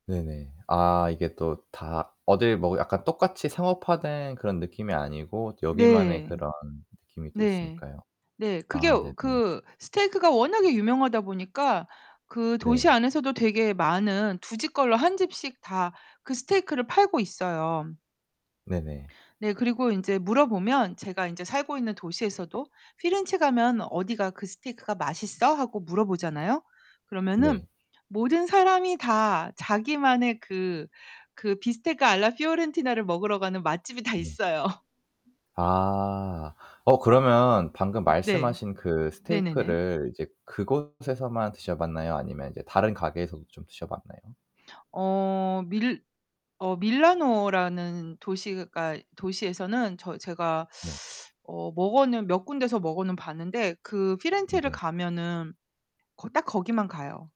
네 네. 아 이게 또 다 어딜 뭐 약간 똑같이 상업화된 그런 느낌이 아니고 여기만의 네. 그런 느낌이 또 네. 있으니까요. 네. 그게 아 네 네. 그 스테이크가 워낙에 유명하다 보니까 그 도시 네. 안에서도 되게 많은 2 집 걸러 1 집씩 다 그 스테이크를 팔고 있어요. 네 네. 네. 그리고 인제 물어보면 제가 인제 살고 있는 도시에서도 "피렌체 가면 어디가 그 스테이크가 맛있어?" 하고 물어보잖아요? 그러면은 네. 모든 사람이 다 자기만의 그 그 비스테카 알라 피오렌티나를 먹으러 가는 맛집이 다 네. 있어요. 아. 어 그러면 방금 으 네. 말씀하신 그 네네네. 스테이크를 이제 그곳에서만 드셔 봤나요? 아니면 이제 다른 가게에서도 좀 드셔 봤나요? 어 밀 어 밀라노라는 도시가 도시에서는 저 제가 네. 어 먹어는 몇 군데서 먹어는 봤는데 그 피렌체를 음네. 가면은 거 딱 거기만 가요.